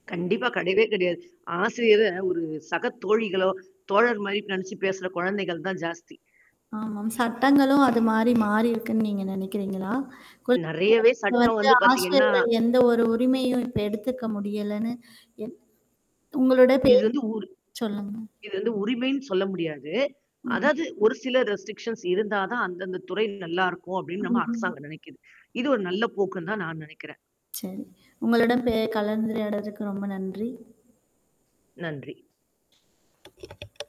கண்டிப்பா கிடையவே கிடையாது. ஆசிரியர ஒரு சக தோழிகளோ, தோழர் மாரி நெனச்சு பேசுற குழந்தைகள் தான் ஜாஸ்தி. ஆமாம். சட்டங்களும் அது மாரி மாறிருக்குன்னு நீங்க நெனக்கிரிங்களா? குழ நெறையவே சட்டம் வந்து வந்து பார்த்தீங்கன்னா. ஆசிரியர்கள் எந்த ஒரு உரிமையும் இப்ப எடுத்துக்க முடியலன்னு என் உங்களோட இது பேச. வந்து ஊர். சொல்லுங்க. இது வந்து உரிமைன்னு சொல்ல முடியாது. ம். அதாவது ஒரு சில ரெஸ்ட்ரிக்ஷன்ஸ் இருந்தா தான் அந்தந்த துறை நல்லாயிருக்கும் அப்படின்னு ம், நம்ம ம் அரசாங்கம் நெனைக்கிது. இது ஒரு நல்ல போக்குன்னு தான் நான் நெனக்கிறேன். சரி. உங்களுடன் பே கலந்துரையாடுனதற்கு ரொம்ப நன்றி. நன்றி.